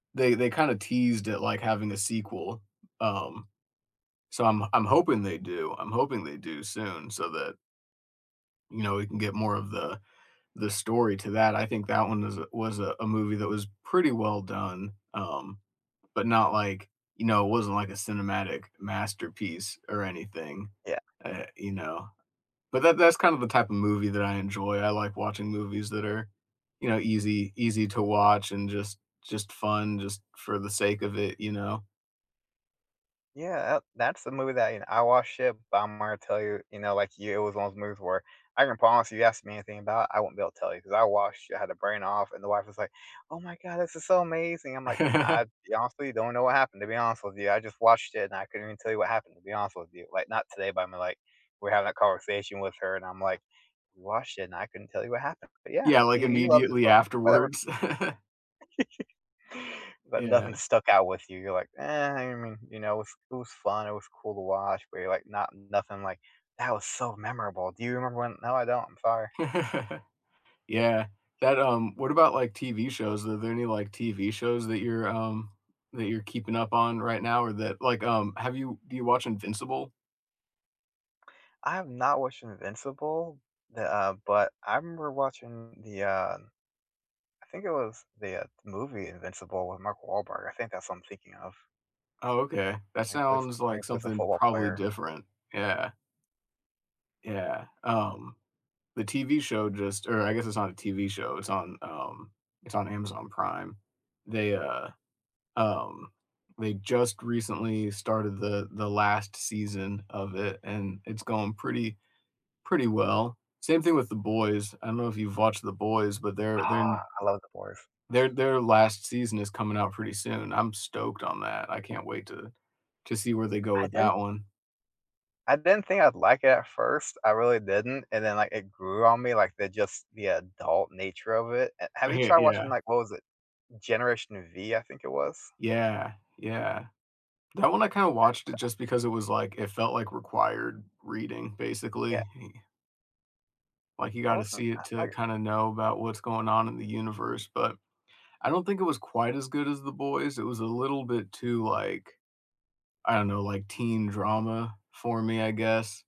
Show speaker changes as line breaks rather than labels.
They they kinda teased it like having a sequel, um, so, I'm I'm hoping they do. I'm hoping they do soon so that you know, we can get more of the the story to that. I think that one is a was a movie that was pretty well done, um, but not like you know, it wasn't like a cinematic masterpiece or anything,
Yeah.
eh, you know. But that that's kind of the type of movie that I enjoy. I like watching movies that are, you know, easy easy to watch and just just fun just for the sake of it, you know?
Yeah, ab that's the movie that, you kn I watched it, but I'm gonna tell you, you know, like you it was one of those movies where I can promise you if you asked me anything about it, I won't be able to tell you ‘cause I watched it. I had the brain off, and the wife was like, "Oh my god, this is so amazing." I'm like, "I, to be honest with you, don't know what happened, to be honest with you. I just watched it, and I couldn't even tell you what happened, to be honest with you." Like, not today, but I mean, like, we had that conversation with her and I'm like, "Watched it, and I couldn't tell you what happened. But, yeah,
Yeah, like,
you you loved it,
immediately
so whatever."
afterwards.
But nothing
Yeah.
stuck out with you. You're like, "Eh, I mean, you know, if it was fun, it was cool to watch," but you're like, not nothing like, "That was so memorable. Do you remember when" "No, I don't. I'm sorry."
Yeah. That, um what about, like, TV shows? Are there any, like, TV shows that you're, um that you're keeping up on right now or that like, um have you do you watch Invincible?
I've not watched Invincible, eh, uh, but, I remember watching the, uh I think it was the, uh, movie Invincible with Mark Wahlberg. I think that's what I'm thinking of.
Oh, okay. That
When he plays
sounds
when
like
he plays a
something
football
probably
player.
different. Yeah. Yeah, um, the TV show just or I guess it's not a TV show, it's on, um it's on Amazon Prime. They, uh, um, they just recently started the the last season of it, and it's going pretty pretty well. Same thing with The Boys. I don't know if you've watched The Boys, but their their
Ah,
n
I love The Boys.
their their last season is coming out pretty soon. I'm stoked on that. I can't wait to to see where they go
I
with
didn't
that one.
I didn't think I'd like it at first. I really didn't, and then, like, it grew on me, like, the just the adult nature of it. Eh, have you
Hey
tried watching,
yeah.
like what was it? Generation V, I think it was?
Yeah. Yeah. That one I kinda watched it
[unintelligible]
just because it was, like it felt like required reading,
Yeah.
basically. Like, you
I
gotta
wasn't
see
uh,
it to
like
kinda know about what's going on in the universe, but I don't think it was quite as good as The Boys, it was a little bit too, like I don't know, like teen drama for me, I guess.